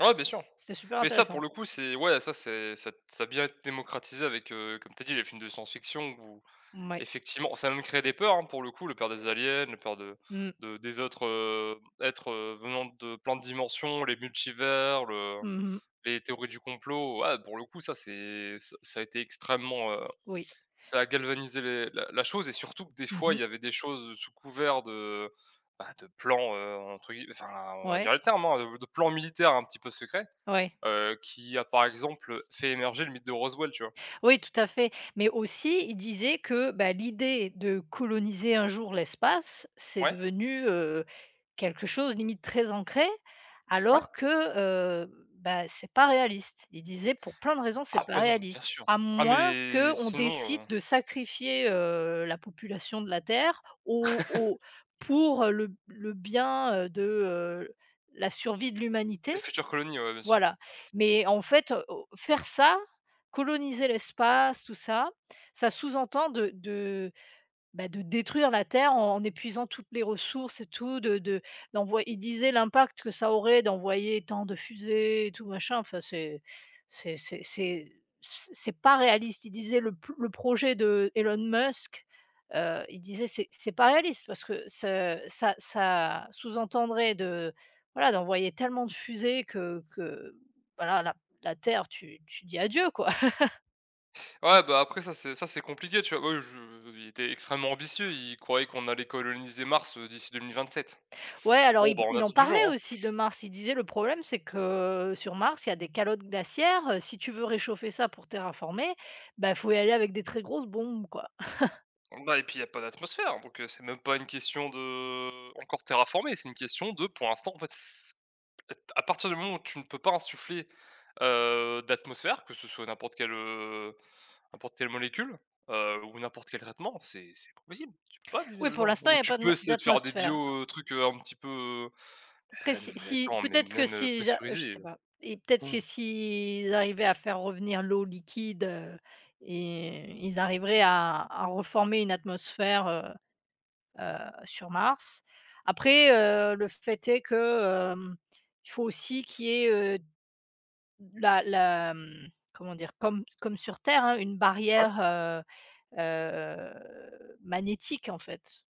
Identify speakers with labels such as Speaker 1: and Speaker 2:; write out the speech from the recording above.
Speaker 1: Ouais, bien sûr
Speaker 2: C'était super
Speaker 1: mais ça, pour
Speaker 2: intéressant!
Speaker 1: le coup, c'est ouais, ça c'est ça ça bien été démocratisé avec, heu, comme tu as dit les films de science-fiction ou,
Speaker 2: Mouais.
Speaker 1: effectivement, ça a même créé des peurs, hein. Pour le coup, la peur des aliens, la peur de
Speaker 2: Mmh mh.
Speaker 1: de des autres, heu, êtres venant de plein de dimensions, les multivers, le
Speaker 2: Mmh mh.
Speaker 1: les théories du complot, ouais, pour le coup, ça c'est ça ça été extrêmement, heu,
Speaker 2: Oui.
Speaker 1: ça a galvanisé les la la chose et surtout que des
Speaker 2: Mmh
Speaker 1: fois,
Speaker 2: mh.
Speaker 1: il y avait des choses sous couvert de, bah, de plans, heu, entre guille enfin, on va dire
Speaker 2: Ouais.
Speaker 1: le terme, hein, de plan militaire un petit peu secret,
Speaker 2: Ouais.
Speaker 1: heu, qui a, par exemple, fait émerger le mythe de Roswell, tu vois?
Speaker 2: Oui, tout à fait mais aussi il disait que ben, l'idée de coloniser un jour l'espace, c'est
Speaker 1: Ouais.
Speaker 2: devenu, heu, quelque chose limite très ancré
Speaker 1: Ouais.
Speaker 2: alors que, heu, bah, c'est pas réaliste, il disait: «Pour plein de raisons, c'est
Speaker 1: Ah
Speaker 2: pas
Speaker 1: ouais, non mais bien
Speaker 2: réaliste,
Speaker 1: sûr.
Speaker 2: à
Speaker 1: Ah
Speaker 2: moins
Speaker 1: mais
Speaker 2: qu'on décide
Speaker 1: sinon, heu
Speaker 2: de sacrifier, heu, la population de la Terre au au pour le b le bien, heu, de, heu, la survie de
Speaker 1: Les
Speaker 2: l'humanité»,
Speaker 1: futures colonies, ouais, bien sûr.
Speaker 2: voilà, mais en fait, o faire ça, coloniser l'espace, tout ça, ça sous-entend de de, bah, de détruire la terre en épuisant toutes les ressources et tout de de d'envoy il disait l'impact que ça aurait d'envoyer tant de fusées et tout machin, enfin, c'est c'est c'est c'est c c'est pas réaliste, il disait: «Le p le projet de Elon Musk», heu, il disait: «C'est c'est pas réaliste» parce que ce ça ça sous entendrait de, voilà, d'envoyer tellement de fusées que que voilà, la la Terre, tu tu dis: «Adieu», quoi.
Speaker 1: Ouais, bah, après ça c'est ça c'est compliqué, tu vois, heu, je il était extrêmement ambitieux, il croyait qu'on allait coloniser Mars, heu, d'ici 2027,
Speaker 2: Ouais, alors
Speaker 1: bon,
Speaker 2: i
Speaker 1: ben, on
Speaker 2: il en
Speaker 1: attend toujours,
Speaker 2: parlait
Speaker 1: hein.
Speaker 2: aussi de Mars, il disait: «Le problème c'est que, heu, sur Mars, il y a des calottes glaciaires, si tu veux réchauffer ça pour terraformer, ben, il faut y aller avec des très grosses bombes», quoi.
Speaker 1: Bah et puis il y a pas d'atmosphère, donc heu, c'est même pas une question de encore terraformer, c'est une question de pour l'instant, en fait, c à partir du moment où tu ne peux pas insuffler, heu, d'atmosphère, que ce soit n'importe quelle, heu, n'importe quelle molécule, heu, ou n'importe quel traitement, c'est c'est pas possible, tu peux pas vivre
Speaker 2: Oui, pour
Speaker 1: là-dedans
Speaker 2: l'instant il
Speaker 1: ou
Speaker 2: y a
Speaker 1: tu
Speaker 2: pas d
Speaker 1: peux
Speaker 2: ma
Speaker 1: essayer de faire des
Speaker 2: d'atmosphère
Speaker 1: bio heu, trucs, heu, un petit peu, heu,
Speaker 2: après
Speaker 1: hé,
Speaker 2: si
Speaker 1: non, mais
Speaker 2: si
Speaker 1: attends, mais
Speaker 2: peut-être que
Speaker 1: même
Speaker 2: s'ils a je
Speaker 1: pressurisé.
Speaker 2: sais pas et peut-être que s'ils arrivaient à faire revenir l'eau liquide, heu et ils arriveraient à à reformer une atmosphère, heu heu, sur Mars, après, heu, le fait est que, hem, il faut aussi qu'il y ait, heu, d la la, mmh, comment dire, comme comme sur Terre, hein, une
Speaker 1: Ouais.
Speaker 2: barrière, heu heu, magnétique, en fait.